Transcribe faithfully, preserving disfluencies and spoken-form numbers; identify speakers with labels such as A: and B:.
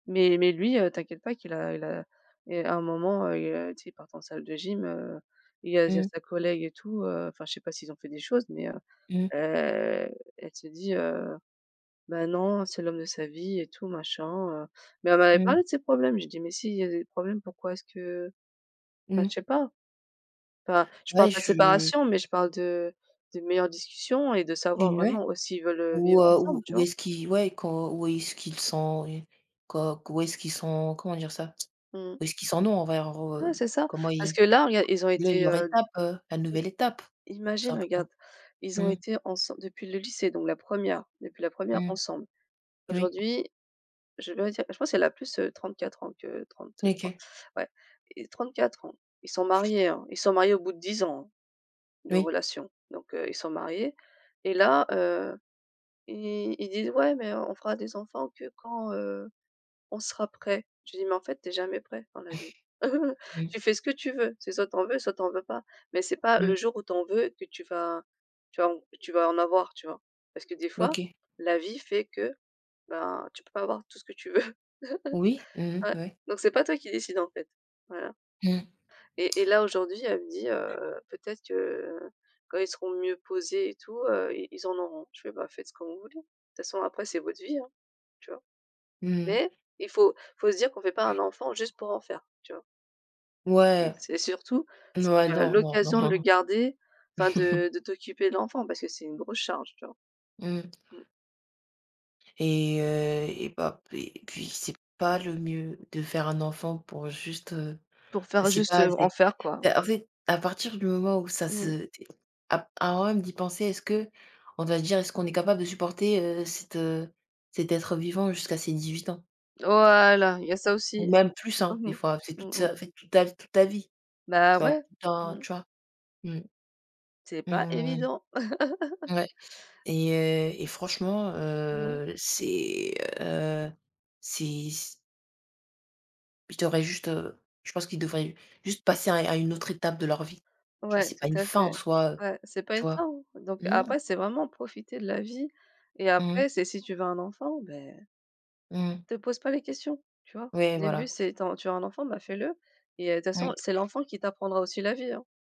A: Mais mais lui, heu, t'inquiète pas qu'il a il a et à un moment, heu, il a tu sais? Il partait en salle de gym, heu. Il y a déjà
B: Mmh.
A: sa collègue et tout, heu, enfin je sais pas s'ils ont fait des choses, mais, heu
B: Mmh.
A: heu, elle se dit: «Heu. Bah non, c'est l'homme de sa vie et tout machin heu». Mais on en avait
B: Mmh.
A: parlé de ses problèmes. J'ai dit: «Mais s'il y a des problèmes, pourquoi est-ce que» Enfin
B: Mmh.
A: je sais pas. Enfin, je parle
B: Ouais
A: pas de
B: je
A: séparation, mais je parle de de meilleures discussions et de savoir
B: [unintelligible]
A: vraiment au s'ils veulent
B: Ou
A: vivre
B: heu ou
A: ensemble, tu
B: ou
A: vois?
B: est-ce qui ouais, quand ou est-ce qu'ils sont et co ou est-ce qu'ils sont. Comment dire ça?
A: Mmh mh.
B: Où est-ce qu'ils sont non en vrai en gros,
A: Ouais,
B: heu,
A: c'est ça.
B: comment
A: Parce
B: ils
A: que là, regarde, ils ont été,
B: [unintelligible] leur
A: heu
B: étape, heu, la
A: i
B: nouvelle étape tout
A: imagine,
B: simplement.
A: regarde, ils ont
B: Mmh.
A: été ensemble depuis le lycée donc la première, depuis la première
B: Mmh.
A: ensemble.
B: Oui.
A: Aujourd'hui, je dois dire, je pense qu'elle a plus trente-quatre ans que trente-trois,
B: OK.
A: ouais et trente-quatre ans. Ils sont mariés, hein, ils sont mariés au bout de dix ans de
B: Oui.
A: relation, donc heu, ils sont mariés. Et là, heu. Ils ils disent: «Ouais mais on fera des enfants que quand, heu, on sera prêt». Je lui ai dis: «Mais en fait, tu es jamais prêt dans la vie».
B: Mmh.
A: Tu fais ce que tu veux, c'est soit tu en veux, soit tu en veux pas. Mais c'est pas
B: Mmh.
A: le jour où tu en veux que tu vas tu vas tu vas en avoir tu vois? Parce que des fois,
B: OK.
A: la vie fait que ben tu peux pas avoir tout ce que tu veux.
B: Oui, mmh
A: Ouais,
B: mh. Ouais.
A: donc c'est pas toi qui décides en fait. Voilà.
B: Mmh.
A: Et et là, aujourd'hui, elle me dit: «Heu, peut-être que quand ils seront mieux posés et tout, heu, ils ils en auront». Je fais: «Bah, faites ce que vous voulez. De toute façon après c'est votre vie, hein». Tu vois?
B: Mmh mh.
A: Mais, il faut faut se dire qu'on fait pas un enfant juste pour en faire. Tu vois?
B: Ouais.
A: C'est surtout,
B: N
A: si
B: ouais,
A: tu as
B: non, non,
A: l'occasion de le
B: non.
A: garder, enfin de de t'occuper de l'enfant parce que c'est une grosse charge tu vois?
B: Mmh.
A: Mmh.
B: Et heu, et bap et puis, c'est pas le mieux de faire un enfant pour juste, heu
A: Pour faire
B: c'est
A: juste,
B: pas
A: heu en
B: assez.
A: faire quoi.
B: Bah, en fait, à partir du moment où ça
A: Mmh.
B: se t ap avant même d'y penser. Est-ce qu'on va dire est-ce qu'on est capable de supporter, heu, cet, heu, cet être vivant jusqu'à ses dix-huit ans?
A: Voilà, il y a ça
B: Ou
A: aussi.
B: même plus, hein,
A: Mmh
B: des
A: mh.
B: fois. C'est
A: Mmh
B: toute
A: mh.
B: sa en fait, toute ta v toute ta vie, tu
A: Bah,
B: vois? Tout
A: ouais,
B: le temps,
A: mmh.
B: tu vois? Mmh.
A: C'est pas
B: Mmh.
A: évident.
B: Ouais. Et heu, et franchement,
A: Mmh.
B: heu. C'est, heu c'est c Je t'aurait juste, heu je pense qu'ils devraient juste passer à un à une autre étape de leur vie. Tu vois?
A: Ouais,
B: C'est pas
A: tout
B: une
A: à
B: fin en
A: fait.
B: soi, heu,
A: Ouais, c'est pas
B: tu
A: une
B: vois?
A: fin, hein. Donc
B: Non.
A: après, c'est vraiment profiter de la vie et
B: Mmh mh.
A: après c'est si tu veux un enfant, beh
B: Mmh mh.
A: te pose pas les questions tu vois? Au
B: Ouais,
A: début
B: voilà.
A: c'est tu as tu veux un enfant? Bah fais-le et heu, de toute
B: Mmh.
A: façon, c'est l'enfant qui t'apprendra aussi la vie, hein.